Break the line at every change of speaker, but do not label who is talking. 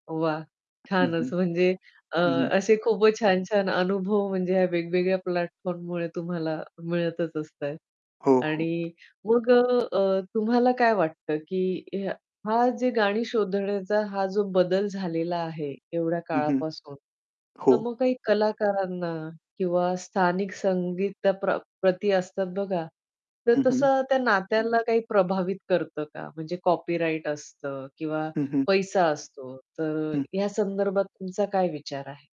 वाह!
हं,
छानच
हं.
म्हणजे अ,
हं, हं.
असे खूपच छान-छान अनुभव म्हणजे ह्या वेगवेगळ्या प्लॅटफॉर्ममुळे तुम्हाला मिळतच असतात.
हो, हो.
आणि मग अ, तुम्हाला काय वाटतं की हा जे गाणी शोधण्याचा हा जो बदल झालेला आहे एवढ्या
हं, हं.
काळापासून, तर
हो.
मग काही कलाकारांना किंवा स्थानिक संगीताप्र प्रती असतात बघा. तर
हं, हं.
तसं त्या नात्यांना काही प्रभावित करतं का? म्हणजे कॉपीराइट असतं किंवा
हं, हं.
पैसा असतो, तर
हं.
या संदर्भात तुमचा काय विचार आहे?